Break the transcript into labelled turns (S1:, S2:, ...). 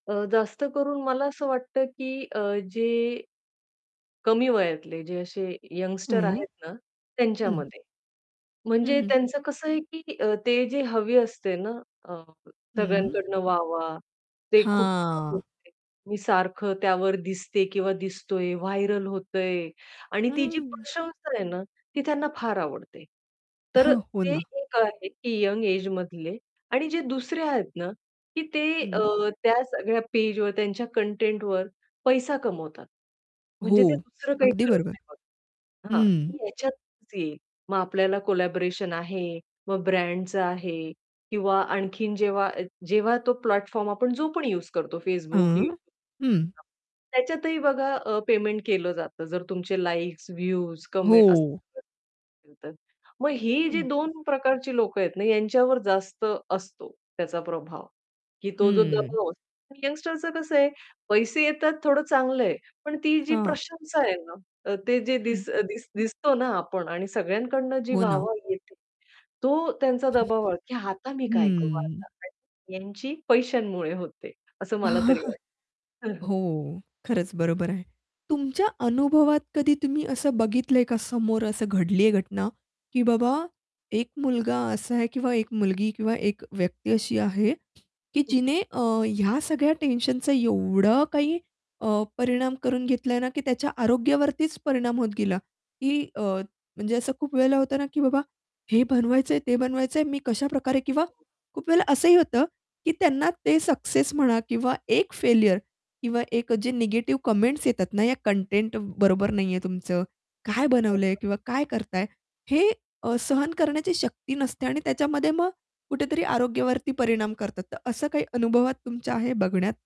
S1: अ, जास्त करून मला असं वाटतं, की अ, जे कमी वयातले, जे असे यंगस्टर
S2: हं.
S1: आहेत ना,
S2: हं.
S1: त्यांच्यामध्ये.
S2: हं,
S1: म्हणजे
S2: हं.
S1: त्यांचं कसं आहे, की अ, ते जे हवी असते ना, अ,
S2: हं.
S1: सगळ्यांकडनं वाह, वाह, ते खूप छान
S2: हां.
S1: [unintelligible] मी सारखं त्यावर दिसते किंवा दिसतोय, व्हायरल होतंय. आणि ती जी
S2: हं.
S1: प्रशंसा आहे ना, ती त्यांना फार आवडते. तर
S2: हो
S1: ते
S2: ना.
S1: एक आहे की यंग एज मधले आणि जे दुसरे आहेत ना, की ते अ,
S2: हं.
S1: त्या सगळ्या पेज वर त्यांच्या कंटेंटवर पैसा कमवतात.
S2: हो,
S1: म्हणजे ते दुसरं काही
S2: अगदी
S1: करत
S2: बरोबर.
S1: नाही बघा. हां,
S2: हं.
S1: की ह्याच्यातच येईल, मग आपल्याला कोलॅबोरेशन आहे, मग ब्रँडच आहे. किंवा आणखीन जेव्हा अ, जेव्हा तो प्लॅटफॉर्म आपण जो पण यूज करतो Facebook YouTube, यू
S2: हां, हं.
S1: [unintelligible] त्याच्यातही बघा अ, पेमेंट केलं जातं. जर तुमचे लाइक्स, व्ह्यूज, कमेंट्स
S2: हो.
S1: असतील तर. मग ही जी
S2: हं.
S1: 2 प्रकारची लोकं आहेत ना, यांच्यावर जास्त असतो त्याचा प्रभाव. की तो जो
S2: हं.
S1: दबाव असतो, यंगस्टरचं कसं आहे, पैसे येतात थोडं चांगलं आहे. पण ती जी
S2: हां.
S1: प्रशंसा आहे ना, अ, ते जे
S2: हं.
S1: दिस दिस दिसतो ना आपण आणि सगळ्यांकडनं जी
S2: हो ना.
S1: वाह-वाह भेटते, तो त्यांचा दबाव की आता मी काय करू
S2: हं.
S1: आता यांची पैशांमुळे होते असं मला तरी वाटतं.
S2: हो, खरंच बरोबर आहे. तुमच्या अनुभवात कधी तुम्ही असं बघितलंय का, समोर असं घडलीय घटना. की बाबा एक मुलगा असा आहे किंवा एक मुलगी किंवा एक व्यक्ती अशी आहे, की
S1: हं.
S2: जिने अ, ह्या सगळ्या टेन्शनचा एवढा काही अ, परिणाम करून घेतलाय ना, की त्याच्या आरोग्यावरतीच परिणाम होत गेला. की अ, म्हणजे असं खूप वेळेला होतं ना, की बाबा, हे "बनवायचंय ते बनवायचंय मी कशाप्रकारे" किंवा खूप वेळेला असंही होतं की त्यांना ते सक्सेस म्हणा किंवा एक फेल्युर किंवा एक जे निगेटिव्ह कमेंट्स येतात ना, या कंटेंट बरोबर नाहीये तुमचं? काय बनवलंय
S1: [unintelligible]
S2: किंवा काय करताय. हे अ, सहन करण्याची शक्ती नसते आणि त्याच्यामध्ये मग कुठेतरी आरोग्यावरती परिणाम करतात, तर असं काही अनुभवात तुमच्या आहे बघण्यात?